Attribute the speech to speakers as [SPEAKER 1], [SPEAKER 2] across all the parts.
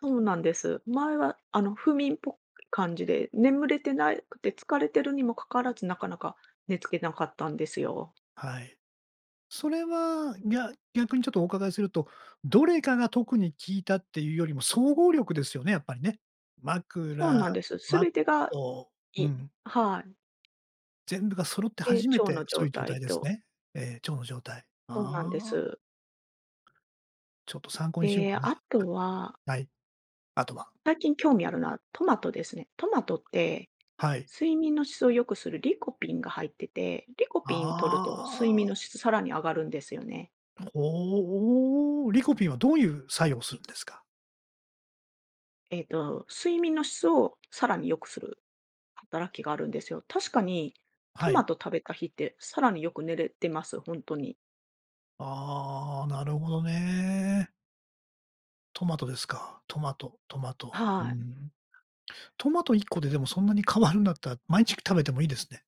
[SPEAKER 1] そうなんです。前はあの、不眠っぽい感じで、眠れてないくて、疲れてるにもかからず、なかなか寝つけなかったんですよ。
[SPEAKER 2] はい。それは、ぎゃ逆にちょっとお伺いすると、どれかが特に効いたっていうよりも、総合力ですよね、やっぱりね。
[SPEAKER 1] そう
[SPEAKER 2] 枕、
[SPEAKER 1] なんです。
[SPEAKER 2] マッ
[SPEAKER 1] 全てが
[SPEAKER 2] トうん。
[SPEAKER 1] いいはい。
[SPEAKER 2] 全部が揃って
[SPEAKER 1] で、
[SPEAKER 2] 初め
[SPEAKER 1] 腸
[SPEAKER 2] て、
[SPEAKER 1] の
[SPEAKER 2] そ
[SPEAKER 1] 状
[SPEAKER 2] ういう状
[SPEAKER 1] 態
[SPEAKER 2] 態です
[SPEAKER 1] と
[SPEAKER 2] ね。ええ、腸の状態。
[SPEAKER 1] そうなんで
[SPEAKER 2] ああ。
[SPEAKER 1] す。
[SPEAKER 2] ちょっと参考にしよう
[SPEAKER 1] で、
[SPEAKER 2] かな。
[SPEAKER 1] あとは
[SPEAKER 2] はい、あとは。
[SPEAKER 1] 最近興味あるのは、トマトですね。トマトって、
[SPEAKER 2] はい。
[SPEAKER 1] 睡眠の質を良くするリコピンが入ってて。リコピン取ると、睡
[SPEAKER 2] ああ。
[SPEAKER 1] 眠の質さらに上がるんですよね。
[SPEAKER 2] ほう、リコピンはどういう作用をするんですか？
[SPEAKER 1] ええと、睡眠の質をさらに良くする働きがあるんですよ。確かに、
[SPEAKER 2] は
[SPEAKER 1] トマ
[SPEAKER 2] い。
[SPEAKER 1] ト食べた日ってさらによく寝れてます。ほんとに。
[SPEAKER 2] ああ、なるほどね。トマトですか。トマト、トマ
[SPEAKER 1] あ、
[SPEAKER 2] ト。うー
[SPEAKER 1] はい。
[SPEAKER 2] ん。トマト1個ででも、そんなに変わるんだったら、毎日食べてもいいですね。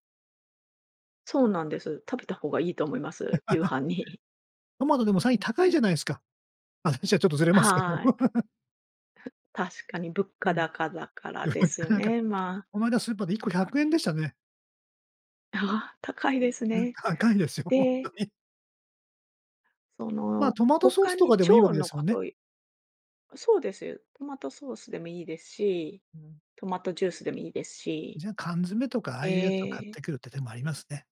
[SPEAKER 1] そうなんです。食べた方がいいと思います。夕 飯に。
[SPEAKER 2] トマトでも、最近高いじゃないですか。話はちょっとずれますけど。
[SPEAKER 1] はい。ふっ、確かに物
[SPEAKER 2] う
[SPEAKER 1] 価
[SPEAKER 2] ん。
[SPEAKER 1] 高だか
[SPEAKER 2] い
[SPEAKER 1] ら
[SPEAKER 2] や、
[SPEAKER 1] ですよ
[SPEAKER 2] なんか
[SPEAKER 1] ね。まあ。
[SPEAKER 2] この間スーパーで1個¥100でしたね。
[SPEAKER 1] ああ、高いです
[SPEAKER 2] うん、
[SPEAKER 1] ね。
[SPEAKER 2] 高いですよ、ほん
[SPEAKER 1] で
[SPEAKER 2] とに。
[SPEAKER 1] そ
[SPEAKER 2] まあ、
[SPEAKER 1] の、
[SPEAKER 2] トマトソー
[SPEAKER 1] 他
[SPEAKER 2] スと
[SPEAKER 1] に
[SPEAKER 2] かでもいいわ
[SPEAKER 1] 腸
[SPEAKER 2] けで
[SPEAKER 1] の
[SPEAKER 2] すも
[SPEAKER 1] こ
[SPEAKER 2] んね。
[SPEAKER 1] といそうですよ。トマトソースでもいいですし、
[SPEAKER 2] うん。
[SPEAKER 1] トマトジュースでもいいですし。
[SPEAKER 2] じゃあ、缶詰とか、ああいうやつを
[SPEAKER 1] え
[SPEAKER 2] 買っ
[SPEAKER 1] え。
[SPEAKER 2] てくるって手もありますね。